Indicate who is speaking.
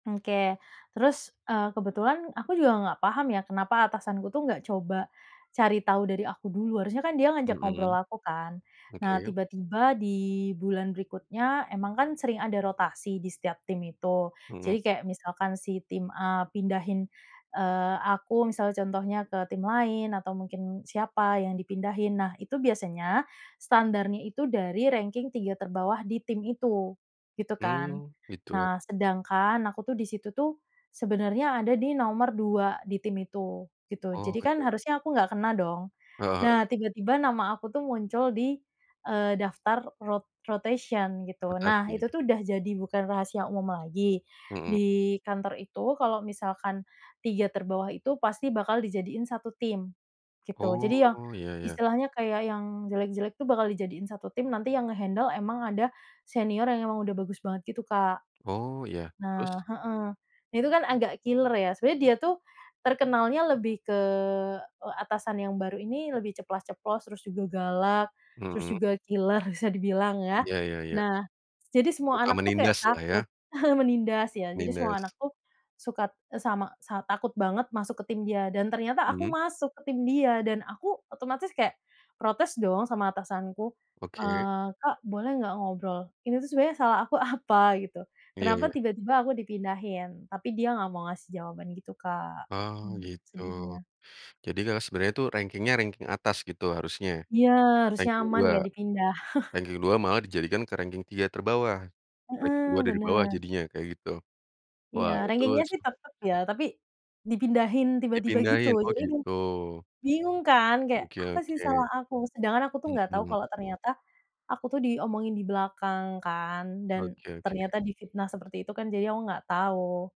Speaker 1: Oke. Terus, eee, kebetulan aku juga nggak paham ya, kenapa atasanku tuh nggak coba cari tahu dari aku dulu. Harusnya kan dia ngajak ngobrol
Speaker 2: Mhm,
Speaker 1: aku kan. Nah,
Speaker 2: oke.
Speaker 1: tiba-tiba di bulan berikutnya, emang kan sering ada rotasi di setiap tim itu,
Speaker 2: Mhm.
Speaker 1: jadi kayak misalkan si tim A pindahin, eee, aku misalnya contohnya ke tim lain, atau mungkin siapa yang dipindahin. Nah, itu biasanya standarnya itu dari ranking 3 terbawah di tim itu, gitu kan.
Speaker 2: Hmm, gitu.
Speaker 1: Nah, sedangkan aku tuh di situ tuh, sebenarnya ada di nomor 2 di tim itu, gitu.
Speaker 2: Oh,
Speaker 1: Jadi kan
Speaker 2: benar.
Speaker 1: harusnya aku nggak kena dong.
Speaker 2: Heeh heeh.
Speaker 1: Nah, tiba-tiba nama aku tuh muncul di, eee, daftar rot rotation gitu. Nah,
Speaker 2: Rotasi?
Speaker 1: itu tuh udah jadi bukan rahasia umum lagi,
Speaker 2: Mhm.
Speaker 1: di kantor itu kalau misalkan 3 terbawah itu pasti bakal dijadiin satu tim, gitu. Jadi yang,
Speaker 2: Oh, iya iya.
Speaker 1: istilahnya kayak yang jelek-jelek tuh bakal dijadiin satu tim, nanti yang nge-handle memang ada senior yang memang udah bagus banget gitu, Kak.
Speaker 2: Oh, ya.
Speaker 1: Nah
Speaker 2: Terus?
Speaker 1: heeh, nah itu kan agak killer ya, sebenarnya dia tuh terkenalnya lebih ke, eee, atasan yang baru ini lebih ceplas-ceplos, terus juga galak, terus
Speaker 2: Mhm.
Speaker 1: juga killer bisa dibilang, ya.
Speaker 2: Iya iya iya.
Speaker 1: Nah, s jadi semua
Speaker 2: Suka
Speaker 1: anak tuh kayak
Speaker 2: menindas lah, ya?
Speaker 1: takut menindas, iya jadi semua anak
Speaker 2: Menindas.
Speaker 1: tuh sukat eee, sama sa takut banget masuk ke tim dia, dan ternyata aku
Speaker 2: Mhm.
Speaker 1: masuk ke tim dia. Dan aku otomatis kayak protes dong sama atasanku,
Speaker 2: Oke?
Speaker 1: eee, “Kak, boleh nggak ngobrol? Ini tuh sebenarnya salah aku apa?” Gitu.
Speaker 2: Iya
Speaker 1: “Kenapa
Speaker 2: iya.
Speaker 1: tiba-tiba aku dipindahin?” Tapi dia nggak mau ngasih jawaban gitu, Kak.
Speaker 2: Oh,
Speaker 1: Hmm,
Speaker 2: gitu.
Speaker 1: sedihnya.
Speaker 2: Jadi kalau sebenarnya itu ranking-nya, ranking atas gitu, harusnya?
Speaker 1: Ya, harusnya
Speaker 2: Ranking
Speaker 1: aman,
Speaker 2: 2?
Speaker 1: nggak dipindah.
Speaker 2: Ranking 2 malah dijadikan ke ranking 3 terbawah. Ranking 2
Speaker 1: Heeh,
Speaker 2: dari bawah
Speaker 1: benar.
Speaker 2: jadinya, kayak gitu?
Speaker 1: Iya,
Speaker 2: Wah, itu
Speaker 1: ranking-nya
Speaker 2: s
Speaker 1: sih tetap, ya. Tapi dipindahin tiba-tiba gitu.
Speaker 2: Dipindahin, oh
Speaker 1: Jadi emang
Speaker 2: gitu.
Speaker 1: bingung kan, kayak
Speaker 2: Oke
Speaker 1: apa sih
Speaker 2: oke.
Speaker 1: salah aku? Sedangkan aku tuh nggak tahu
Speaker 2: Mhm.
Speaker 1: kalau ternyata aku tuh diomongin di belakang kan, dan
Speaker 2: Oke oke.
Speaker 1: ternyata difitnah seperti itu kan, jadinya aku nggak tahu.